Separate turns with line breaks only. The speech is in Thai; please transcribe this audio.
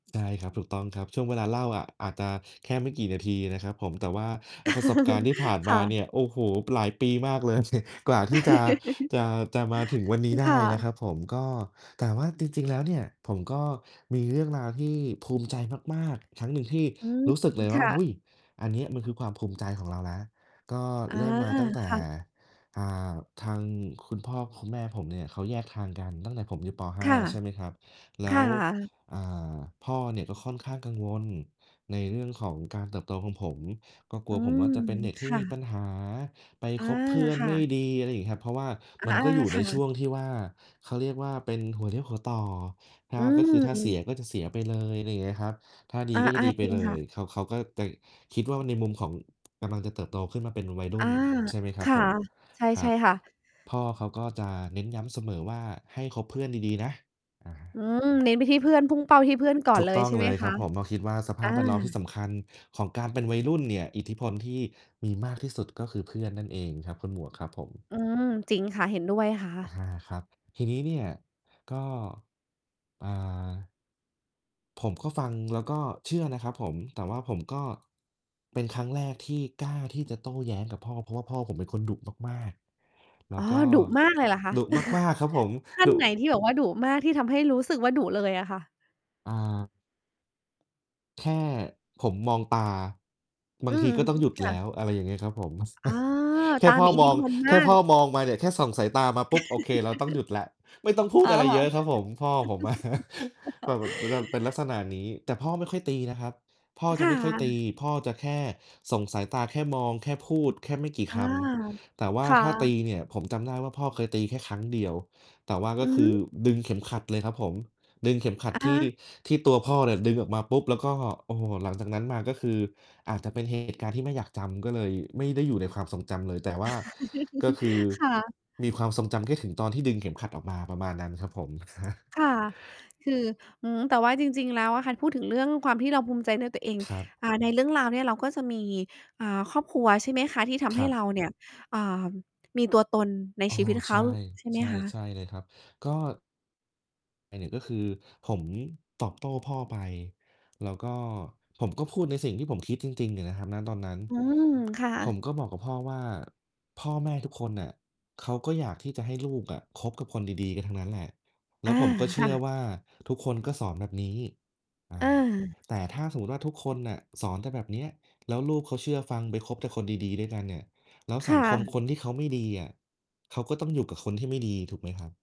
ใช่ครับ ถูกต้องครับ ช่วงเวลาเล่าอะ อาจจะแค่ไม่กี่นาทีนะครับผม แต่ว่า อา ประสบการณ์ที่ผ่าน
ค
ม
่
า
ะ
เนี่ย โอ้โฮ หลายปีมากเลย กว่าที่จะ จะ จะมาถึงวันนี้ได
ค
้
่
นะ
ะ
ครับผม ก็ แต่ว่าจริง ๆ แล้วเนี่ย ผมก็มีเรื่องราวที่ภูมิใจมาก ๆ ครั้งหนึ่ง ที่
อืม
รู้สึกเลย
ค
ว่า
่
เฮ
ะ
้ย อันเนี้ยมันคือความภูมิใจของเรานะ ก็
อา
เริ่มมาตั้งแต่
ค่ะ
อ่า ทางคุณพ่อคุณแม่ผมเนี่ยเขาแยกทางกัน ตั้งแต่ผมอยู่ ป. ห
ค
้า
่ะ
ใช่ไหมครับ แล
ค
้
่
ว
ะ
อ่า พ่อเนี่ยก็ค่อนข้างกังวลในเรื่องของการเติบโตของผม ก็กล
อ
ั
ื
วผม
ม
ว่า จะเป็นเด็กท
ค
ี่
่
มีปั
ะ
ญหา ไป
อา
คบเพื่อน
ค่
ไม่
ะ
ดี อะไรงี้ครับ เพราะว่า
อ
มัน
า
ก็อยู่
ค
ใ
่
นช
ะ
่วงที่ว่า เขาเรียกว่า เป็นหัวเลี้ยวหัวต่อ ถ้
อ
า ก็คือถ้าเส
ื
ี
ม
ยก็จะเสียไปเลย อะไรเงี้ยครับ ถ้าดี
อา
ก็จะดีไ
ๆ
ป
จริง
เล
ค่
ย
ะ
เขา เขาก็จะคิดว่าในมุมของ กำลังจะเติบโตขึ้นมาเป็นวัยร
อ
ุ
า
่น ใช่ไหมคร
ค
ับ
่ะ
ผม
ใช่
คร
ใช
ั
่
บ
ค่ะ
พ่อเขาก็จะเน้นย้ำเสมอว่า ให้คบเพื่อนดี ๆ นะ อ
อื
า
ม เน้นไปที่เพื่อน พุ่งเป้าไปที่เพื่อนก่อ
ถ
น
ู
เ
ก
ล
ต
ย
้อง
ใช่ไ
เ
ห
ล
ม
ย
ค
ครั
ะ?
บผม มาคิดว่า สภ
อ
าพแวดล้อมที่
า
สำคัญของการเป็นวัยรุ่นเนี่ย อิทธิพลที่มีมากที่สุด ก็คือเพื่อนนั่นเองครับคุณหมวกครับผม
อืม จริงค่ะ เห็นด้วยค่
อา
ะ
ครับ ทีนี้เนี่ย ก็ อ่า ผมก็ฟังแล้วก็เชื่อนะครับผม แต่ว่าผมก็ เป็นครั้งแรกที่กล้าที่จะโต้แย้งกับพ่อ เพราะว่าพ่อผมเป็นคนดุมาก ๆ แล้
อ๋อ
วก็
ดุมากเลยเหรอคะ?
ดุมาก ๆ ครับผม
ขั้น
ดุ
ไหนที่บอกว่าดุมาก ที่ทำให้รู้สึกว่าดุเลยอะค่ะ?
อ่า แค่ผมมองตา บ
อื
า
อ
งที
ฮ
ก็ต้อง
ึ
หยุด
ค่
แล
ะ
้ว อะไรอย่างเงี้ยครับผม
อ้อ
แค
ต
่
า
พ่อ
มีอิ
ม
ทธิ
อง
พล
แ
ม
ค่
า
พ
ก
่อมองมาเนี่ย แค่ส่องสายตามาปุ๊บ โอเค เราต้องหยุดแล้ว ไม่ต้องพู
อ๋
ด
อ
อะไรเยอะครับผม พ่อผม อะ แต่แบบ จะนั่น เป็นลักษณะนี้ แต่พ่อไม่ค่อยตีนะครับ พ่อจ
ค
ะ
่
ไม่ค่อยตี
ะ
พ่อจะแค่ส่งสายตา แค่มอง แค่พูดแค่ไม่กี่
อ
ค
า
ำ แต่ว่
ค
า
่
ถ้าตี
ะ
เนี่ย ผมจำได้ว่า พ่อเคยตีแค่ครั้งเดียว แต่ว่าก
อ
็
ือ
ค
ฮ
ือ
ึ
ดึงเข็มขัดเลยครับผม ดึงเข็มขัด
อ
ท
อ
ี่
า
ที่ตัวพ่อเนี่ย ดึงออกมาปุ๊บ แล้วก็ โอ้โฮ หลังจากนั้นมาก็คือ อาจจะเป็น เหตุการณ์ที่ไม่อยากจำ ก็เลยไม่ได้อยู่ในความทรงจำเลย แต่ว่าก็คือ
ค่ะ
มีความทรงจำแค่ถึงตอนที่ดึงเข็มขัดออกมา ประมาณนั้นครับผม ครับ
ค่ะ คือ หือ แต่ว่าจริง ๆ แล้วอะค่ะ พูดถึงเรื่องความที่เราภูมิใจเรื่องตัวเอง
ครับ
อ่า ในเรื่องราวเนี่ยเราก็จะมี อ่า ครอบครัว ใช่ไหมคะ ที่ทำ
ค
ให
ร
้
ับ
เราเนี่ย อ่า มีตัวตนใน
อ้อ
ชีวิตเ
ใ
ข
ช
า
่
ใช่ไ
ใ
ห
ช
ม
่
ค
ใ
ะ?
ช่เลยครับ ก็ อา เนี่ยก็คือผม ตอบโต้พ่อไป แล้วก็ ผมก็พูดในสิ่งที่ผมคิดจริง ๆ เนี่ยนะครับ ณ ตอนนั้น
อืม ค่ะ
ผมก็บอกกับพ่อว่า "พ่อแม่ทุกคนน่ะ เขาก็อยากที่จะให้ลูกอะคบกับคนดี ๆ กันทั้งนั้นแหละ แล
อ
้
า
วผมก็เช
ค
ื
่
่อ
ะ
ว่า ทุกคนก็สอนแบบนี้" อ่
อา
า "แต่ถ้าสมมุติว่า ทุกคนน่ะสอนแต่แบบเนี้ย แล้วลูกเขาเชื่อฟังไปคบแต่คนดี ๆ ด้วยกันเนี่ย แล้ว
ค
สั
่
งคม
ะ
คนที่เขาไม่ดีอะ เขาก็ต้องอยู่กับคนที่ไม่ดี" ถูกไหมครับ?